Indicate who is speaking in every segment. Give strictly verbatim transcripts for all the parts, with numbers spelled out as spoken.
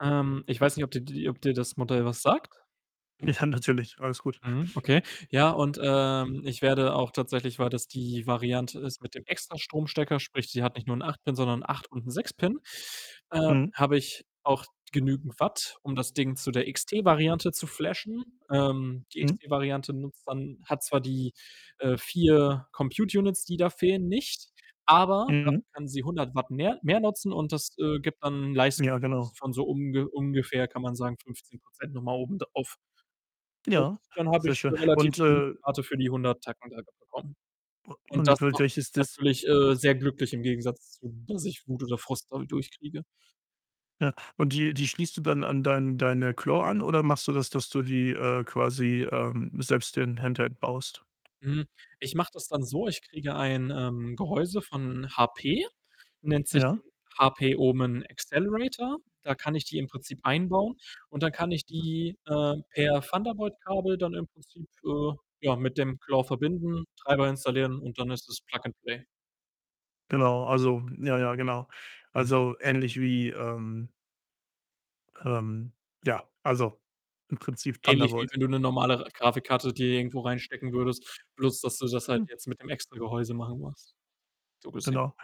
Speaker 1: Ähm, ich weiß nicht, ob dir die ob dir das Modell was sagt?
Speaker 2: Ja, natürlich. Alles gut.
Speaker 1: Mhm, okay. Ja und, ähm, ich werde auch tatsächlich, weil das die Variante ist mit dem extra Stromstecker, sprich, sie hat nicht nur 'n acht Pin, sondern 'n acht und 'n sechs Pin äh,
Speaker 2: Mhm.
Speaker 1: habe ich auch genügend Watt, um das Ding zu der XT-Variante zu flashen. Ähm, die
Speaker 2: Mhm.
Speaker 1: XT-Variante nutzt dann hat zwar die, äh, vier Compute-Units, die da fehlen, nicht, aber dafür
Speaker 2: Mhm.
Speaker 1: kann sie hundert Watt mehr mehr nutzen, und das, äh, gibt dann 'n Leistungsboost
Speaker 2: Ja, genau.
Speaker 1: von so unge ungefähr kann man sagen fünfzehn Prozent noch mal oben drauf. Und
Speaker 2: Ja,
Speaker 1: dann habe
Speaker 2: sehr
Speaker 1: ich
Speaker 2: schön.
Speaker 1: 'ne relativ
Speaker 2: Und,
Speaker 1: [unintelligible]
Speaker 2: äh
Speaker 1: Rate für die hundert Tacken da bekommen.
Speaker 2: U
Speaker 1: Und
Speaker 2: und
Speaker 1: das
Speaker 2: w
Speaker 1: macht
Speaker 2: welches
Speaker 1: mich
Speaker 2: Dis
Speaker 1: natürlich, äh, sehr glücklich im Gegensatz zu, dass ich Wut oder Frust dadurch kriege.
Speaker 2: Ja, und die die schließt du dann an dein deine Claw an, oder machst du das, dass du die, äh, quasi ähm, selbst den Handheld baust?
Speaker 1: Mhm. Ich mache das dann so, ich kriege ein, ähm, Gehäuse von HP, nennt sich den
Speaker 2: Ja.
Speaker 1: HP-Omen Accelerator. Da kann ich die im Prinzip einbauen, und dann kann ich
Speaker 2: Aha.
Speaker 1: die, äh, per Thunderbolt-Kabel dann im Prinzip, äh, ja, mit dem Claw verbinden, Treiber installieren und dann ist es Plug and Play.
Speaker 2: Genau, also ja, ja genau.
Speaker 1: Mhm.
Speaker 2: Also, ähnlich wie, ähm ähm, ja, also, im Prinzip
Speaker 1: Ähnlich wie
Speaker 2: Thunderbolt.
Speaker 1: wenn du 'ne normale Grafikkarte dir irgendwo reinstecken würdest, bloß dass du das halt
Speaker 2: Hm.
Speaker 1: jetzt mit dem extra Gehäuse machen musst. So gesehen.
Speaker 2: Genau.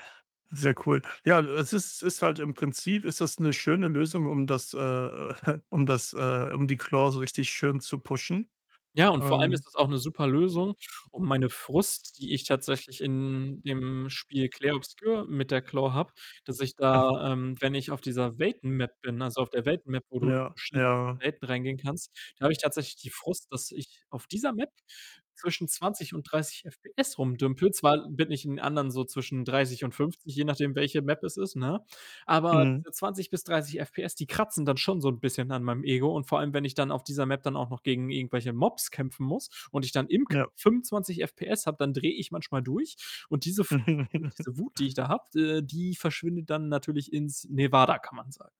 Speaker 2: Sehr cool. Ja, es ist ist halt im Prinzip ist das 'ne schöne Lösung, um das, äh um das, äh um die Claw so richtig schön zu pushen.
Speaker 1: Ja, und vor allem ist
Speaker 2: Ähm
Speaker 1: das auch 'ne super Lösung, um meine Frust, die ich tatsächlich in dem Spiel Clair Obscur mit der Claw habe, dass ich da, ähm, wenn ich auf dieser Welten-Map bin, also auf der Welt-Map, wo du in
Speaker 2: Ja,
Speaker 1: verschiedene
Speaker 2: ja.
Speaker 1: Welten reingehen kannst da habe ich tatsächlich die Frust, dass ich auf dieser Map zwischen zwanzig und dreißig FPS rum dümpele. Zwar bin ich in anderen so zwischen dreißig und fünfzig, je nachdem, welche Map es ist, ne? Aber
Speaker 2: Mhm.
Speaker 1: für zwanzig bis dreißig FPS, die kratzen dann schon so 'n bisschen an meinem Ego und vor allem, wenn ich dann auf dieser Map dann auch noch gegen irgendwelche Mobs kämpfen muss, und ich dann im [unintelligible]
Speaker 2: Ja.
Speaker 1: fünfundzwanzig FPS habe, dann drehe ich manchmal durch, und diese Frust und diese Wut, die ich da habe, äh, die verschwindet dann natürlich ins Nevada, kann man sagen.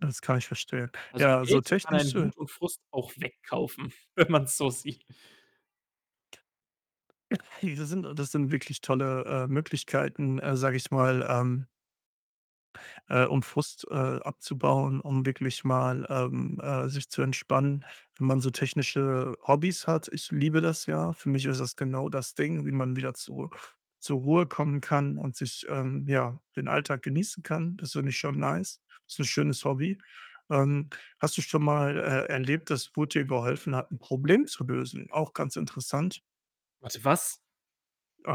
Speaker 2: Das kann ich verstehen.
Speaker 1: Also,
Speaker 2: Ja, so
Speaker 1: Geld kann einen
Speaker 2: technische
Speaker 1: Wut und Frust auch wegkaufen, wenn man's so sieht.
Speaker 2: Diese sind das sind wirklich tolle, äh, Möglichkeiten, äh, sage ich mal, ähm äh, um Frust, äh, abzubauen, um wirklich mal, ähm, äh, sich zu entspannen, wenn man so technische Hobbys hat. Ich liebe das ja. Für mich ist das genau das Ding, wie man wieder zur zur Ruhe kommen kann und sich, ähm, ja, den Alltag genießen kann. Das finde ich schon nice. Ist 'n schönes Hobby. Ähm, hast du schon mal, äh, erlebt, dass Wut dir geholfen hat, 'n Problem zu lösen? Auch ganz interessant.
Speaker 1: Warte, was?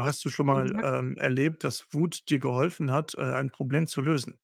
Speaker 1: Was
Speaker 2: du
Speaker 1: hast du
Speaker 2: schon
Speaker 1: grade
Speaker 2: mal,
Speaker 1: gesagt?
Speaker 2: ähm, erlebt, dass Wut dir geholfen hat, äh, ein Problem zu lösen?